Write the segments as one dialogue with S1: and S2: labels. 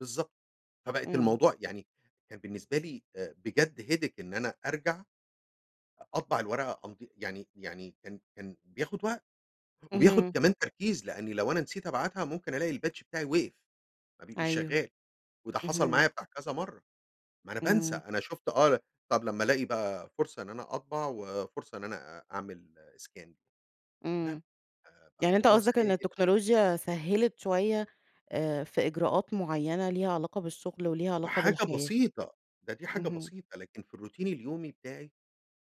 S1: بالضبط، فبقت
S2: إمم.
S1: الموضوع يعني كان بالنسبة لي آآ بجد headache، إن أنا أرجَع أطبع الورقة أمض يعني يعني كان كان بياخد وقت وبياخد
S2: اهم.
S1: كمان تركيز، لأني لو أنا نسيت أبعتها ممكن ألاقي الpatch بتاعي وقف، ما بي مش
S2: أيوه،
S1: شغال، وده حصل
S2: اهم.
S1: معايا بتاع كذا مرة، ما أنا بانسى
S2: إمم.
S1: أنا شُفت آه، طب لما ألاقي بقى فرصة إن أنا أطبع، وفرصة إن أنا أ أعمل scan، لا
S2: إمم،
S1: ف
S2: يعني أنت
S1: فالموضوع
S2: قصدك
S1: سريع
S2: إن
S1: جدًا.
S2: التكنولوجيا سهّلت شوية آآ في إجراءات معينة ليها علاقة بالشغل وليها
S1: في
S2: علاقة
S1: حاجة
S2: بالحياة؟
S1: بسيطة، ده دي حاجة
S2: اهم.
S1: بسيطة، لكن في الروتين اليومي بتاعي،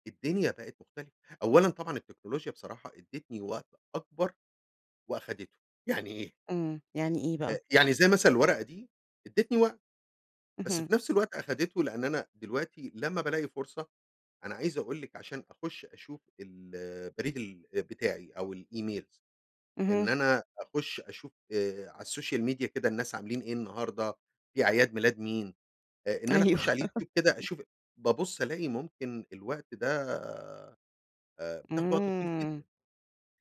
S1: الدنيا بقت مختلفة. أولًا طبعًا التكنولوجيا بصراحة ادّتني وقت أكبر وأخدِته، يعني إيه؟
S2: إمم، يعني إيه بقى؟
S1: آآ يعني زي مثلًا الورقة دي ادّتني وقت، بس
S2: اهم.
S1: في نفس الوقت أخدِته، لأن أنا دلوقتي لما بالاقي فرصة، أنا عايز أقول لِك عشان أخش أشوف البريد ال بتاعي أو الEmails، إن
S2: اهم.
S1: أنا أخش أشوف آآ على السوشيال ميديا كده الناس عاملين إيه النهارده، في أعياد ميلاد مين، آآ إن أنا أخش
S2: أيوه.
S1: على اليوتيوب كده أشوف، بابص ألاقي ممكن الوقت ده آآ بتاخد وقت طويل
S2: إمم،
S1: جدًا،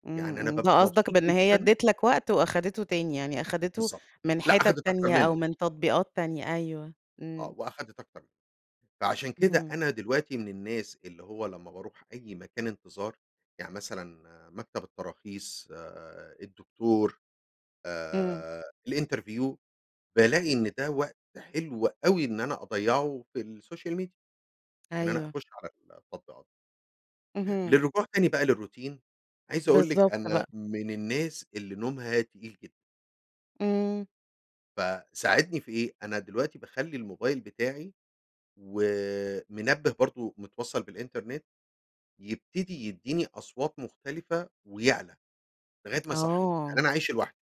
S2: إمم،
S1: يعني أنا
S2: إمم،
S1: بابقى
S2: ده قصدك
S1: مبسوط
S2: بإن هي
S1: جدًا.
S2: ادِّت لك وقت، وأخدِته تاني، يعني أخِدته
S1: بالضبط،
S2: من
S1: لأ
S2: حتت
S1: أخدِت أكتر
S2: تانية أو
S1: منه.
S2: من تطبيقات تانية، أيوه.
S1: آه
S2: إمم.
S1: وأخدِت أكتر، فعشان كده
S2: اهم.
S1: أنا دلوقتي من الناس اللي هو لما باروح أي مكان انتظار، يعني مثلًا مكتب التراخيص، الدكتور،
S2: إمم.
S1: آآ الإنترفيو، بالاقي إن ده وقت حلو أوي، إن أنا أضيّعه في السوشيال ميديا، إن أنا
S2: أيوه.
S1: أخش على التطبيقات.
S2: اهم.
S1: للرجوع تاني بقى للروتين عايز أقول لِك
S2: بالضبط
S1: أنا
S2: بقى.
S1: من الناس اللي نومها تقيل جدًا.
S2: إمم.
S1: فساعدني في إيه، أنا دلوقتي باخلّي الموبايل بتاعي ومنبه برضه متوصل بالإنترنت، يبتدي يديني أصوات مختلفة ويعلى لغاية ما يصحيني، لأن
S2: آه.
S1: أنا عايش لوحدي.